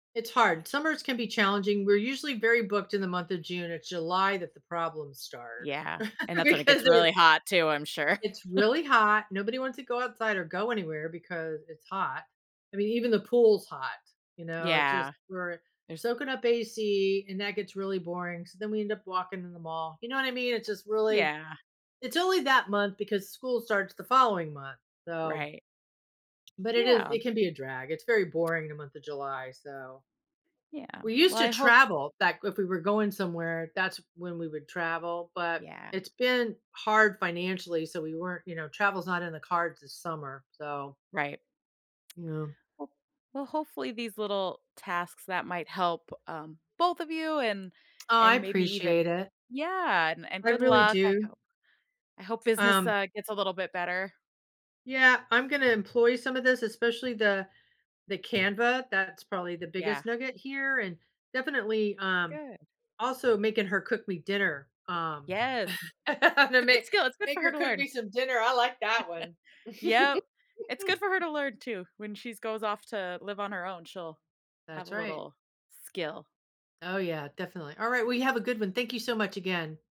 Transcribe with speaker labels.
Speaker 1: It's hard, summers can be challenging, we're usually very booked in the month of June or July that the problems start,
Speaker 2: Yeah, and that's when it gets
Speaker 1: because it
Speaker 2: really hot, too, I'm sure.
Speaker 1: It's really hot, nobody wants to go outside or go anywhere because it's hot, I mean, even the pool's hot, you know, it just
Speaker 2: Yeah.
Speaker 1: we're
Speaker 2: There's
Speaker 1: soaking up AC, and that gets really boring, so then we end up walking in the mall, you know what I mean, it's just really
Speaker 2: Yeah.
Speaker 1: it's only that month because school starts the following month, so
Speaker 2: Right.
Speaker 1: but it is
Speaker 2: Yeah.
Speaker 1: it can be a drag, it's very boring in the month of July, so
Speaker 2: Yeah,
Speaker 1: we
Speaker 2: well,
Speaker 1: used to
Speaker 2: I hope
Speaker 1: travel back if we were going somewhere, that's when we would travel, but
Speaker 2: Yeah.
Speaker 1: it's been hard financially, so we weren't, you know travel's not in the cards this summer, so
Speaker 2: Right.
Speaker 1: you know.
Speaker 2: W well, hopefully, these little tasks that might help, um, both of you and
Speaker 1: Oh, I
Speaker 2: and maybe even
Speaker 1: appreciate it.
Speaker 2: Yeah, and and
Speaker 1: I
Speaker 2: good
Speaker 1: really
Speaker 2: luck, I
Speaker 1: do.
Speaker 2: hope I hope business,
Speaker 1: Um
Speaker 2: uh, gets a little bit better.
Speaker 1: Yeah, I'm gonna employ some of this, especially the the Canva, that's probably the
Speaker 2: Yeah.
Speaker 1: biggest nugget here and definitely, um,
Speaker 2: Good.
Speaker 1: also making her cook me dinner, um
Speaker 2: Yes.
Speaker 1: gonna
Speaker 2: It's a good
Speaker 1: make
Speaker 2: skill, it's good
Speaker 1: make
Speaker 2: for her
Speaker 1: her
Speaker 2: to
Speaker 1: cook
Speaker 2: learn.
Speaker 1: me some dinner, I like that one.
Speaker 2: Yep. It's good for her to learn, too, when she's goes off to live on her own, she'll have
Speaker 1: That's
Speaker 2: a
Speaker 1: right.
Speaker 2: little skill.
Speaker 1: Oh, yeah, definitely, alright, well, you have a good one, thank you so much, again.